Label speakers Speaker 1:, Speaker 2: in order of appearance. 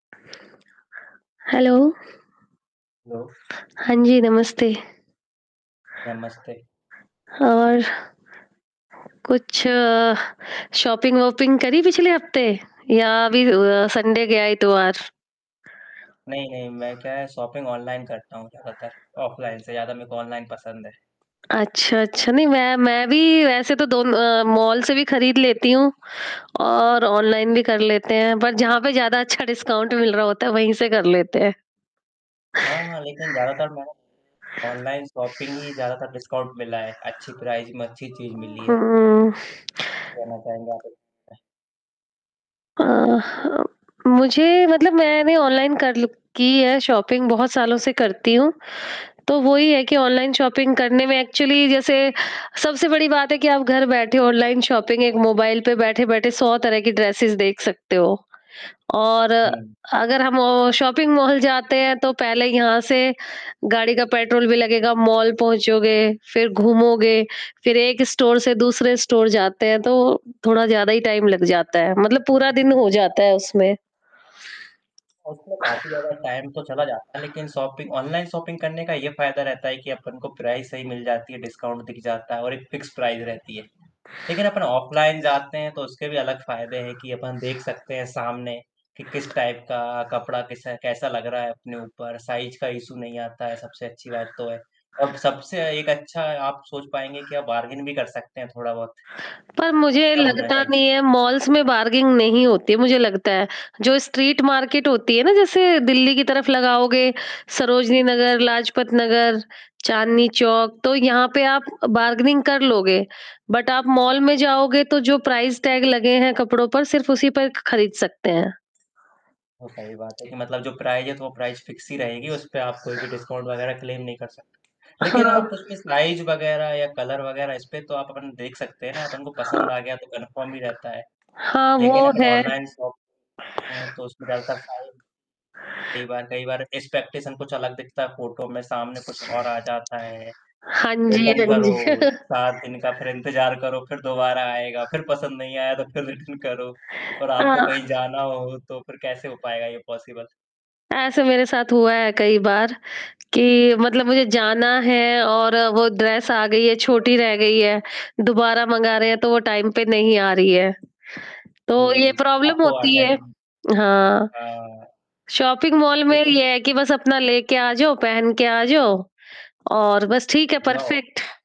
Speaker 1: Hello.
Speaker 2: Hello.
Speaker 1: हाँ जी, नमस्ते।
Speaker 2: नमस्ते।
Speaker 1: और कुछ शॉपिंग वोपिंग करी पिछले हफ़्ते या अभी अ, संडे गया इतवार।
Speaker 2: नहीं, नहीं, मैं क्या है शॉपिंग ऑनलाइन करता हूँ ज़्यादातर, ऑफलाइन से ज़्यादा मेरे को ऑनलाइन पसंद है।
Speaker 1: अच्छा, अच्छा, नहीं, मैं मैं भी वैसे तो दो अ, मॉल से भी खरीद लेती हूँ और ऑनलाइन भी कर लेते हैं, पर जहाँ पे ज़्यादा अच्छा डिस्काउंट मिल रहा होता है वहीं से कर लेते हैं।
Speaker 2: हाँ, हाँ, लेकिन ज़्यादातर मैं ऑनलाइन शॉपिंग ही ज़्यादातर डिस्काउंट मिला है। अच्छी प्राइस में, अच्छी चीज़
Speaker 1: उ
Speaker 2: मिली है।
Speaker 1: हुँ।
Speaker 2: लेना चाहेंगे आप?
Speaker 1: अ, हाँ, मुझे मतलब मैंने ऑनलाइन कर ल की है शॉपिंग बहुत सालों से करती हूँ। तो वो ही है कि ऑनलाइन शॉपिंग करने में एक्चुअली जैसे सबसे बड़ी बात है कि आप घर बैठे ऑनलाइन शॉपिंग एक मोबाइल पे बैठे-बैठे 100 तरह की ड्रेसेज़ देख सकते हो। और
Speaker 2: हुँ।
Speaker 1: अगर हम शॉपिंग मॉल जाते हैं तो पहले यहाँ से गाड़ी का पेट्रोल भी लगेगा मॉल पहुँचोगे, फ़िर घूमोगे, फ़िर 1 स्टोर से दूसरे स्टोर जाते हैं। तो थोड़ा ज़्यादा ही टाइम लग जाता है, मतलब पूरा दिन हो जाता है उसमें।
Speaker 2: उसमें काफ़ी ज़्यादा टाइम तो चला जाता है, लेकिन शॉपिंग ऑनलाइन शॉपिंग करने का ये फ़ायदा रहता है कि अपन को प्राइस सही मिल जाती है, डिस्काउंट दिख जाता है और एक फिक्स प्राइस रहती है। लेकिन अपन ऑफलाइन जाते हैं तो उसके भी अलग फ़ायदे हैं कि अपन देख सकते हैं सामने, कि किस टाइप का कपड़ा किस कैसा लग रहा है अपने ऊपर साइज़ का इश्यू नहीं आता है सबसे अच्छी बात तो है। और सबसे एक अच्छा आप सोच पाएँगे कि आप बारगेन भी कर सकते हैं थोड़ा-बहुत।
Speaker 1: पर मुझे
Speaker 2: क्या बोलना
Speaker 1: लगता
Speaker 2: चाहेंगे?
Speaker 1: नहीं है मॉल्स में बार्गेनिंग नहीं होती है मुझे लगता है, जो स्ट्रीट मार्केट होती है ना जैसे दिल्ली की तरफ लगाओगे सरोजनी नगर, लाजपत नगर, चांदनी चौक, तो यहाँ पे आप बार्गेनिंग कर लोगे। बट आप मॉल में जाओगे तो जो प्राइस टैग लगे हैं कपड़ों पर सिर्फ़ उसी पर ख खरीद सकते हैं।
Speaker 2: बिल्कुल सही बात है, कि मतलब जो प्राइस है तो वो प्राइस फ़िक्स ही रहेगी, उसपे आप कोई भी डिस्काउंट वगैरह क्लेम नहीं कर सकते। लेकिन आप
Speaker 1: हाँ।
Speaker 2: उसमें साइज़ वगैरह या कलर वगैरह इसमें तो आप अपन देख सकते हैं ना, अपन को
Speaker 1: हाँ।
Speaker 2: पसंद आ गया तो कन्फर्म ही रहता है।
Speaker 1: हाँ,
Speaker 2: लेकिन
Speaker 1: वो
Speaker 2: अपन
Speaker 1: है।
Speaker 2: ऑनलाइन शॉपिंग करते हैं तो उसमें ज़्यादातर साइज़ कई बार कई बार एक्सपेक्टेशन कुछ अलग दिखता है फोटो में सामने कुछ और आ जाता है,
Speaker 1: हाँ जी,
Speaker 2: रिटर्न
Speaker 1: हाँ जी।
Speaker 2: करो, 7 दिन का फ़िर इंतज़ार करो, फ़िर दोबारा आएगा फ़िर पसंद नहीं आया तो फ़िर रिटर्न करो। और आपको कहीं
Speaker 1: हाँ।
Speaker 2: जाना हो तो फ़िर कैसे हो पायेगा ये पॉसिबल?
Speaker 1: ऐसे मेरे साथ हुआ है कई बार कि मतलब मुझे जाना है और वो ड्रेस आ गई है, छोटी रह गई है, दोबारा मँगा रहे हैं तो वो टाइम पे नहीं आ रही है। तो ये
Speaker 2: हुँ,
Speaker 1: प्रॉब्लम
Speaker 2: आपको
Speaker 1: होती है।
Speaker 2: अर्जेंटली
Speaker 1: हाँ,
Speaker 2: हाँ।
Speaker 1: शॉपिंग मॉल में
Speaker 2: लेकिन
Speaker 1: ये है कि बस अपना लेके आ जाओ, पहन के आ जाओ और बस ठीक है
Speaker 2: जाओ
Speaker 1: परफेक्ट।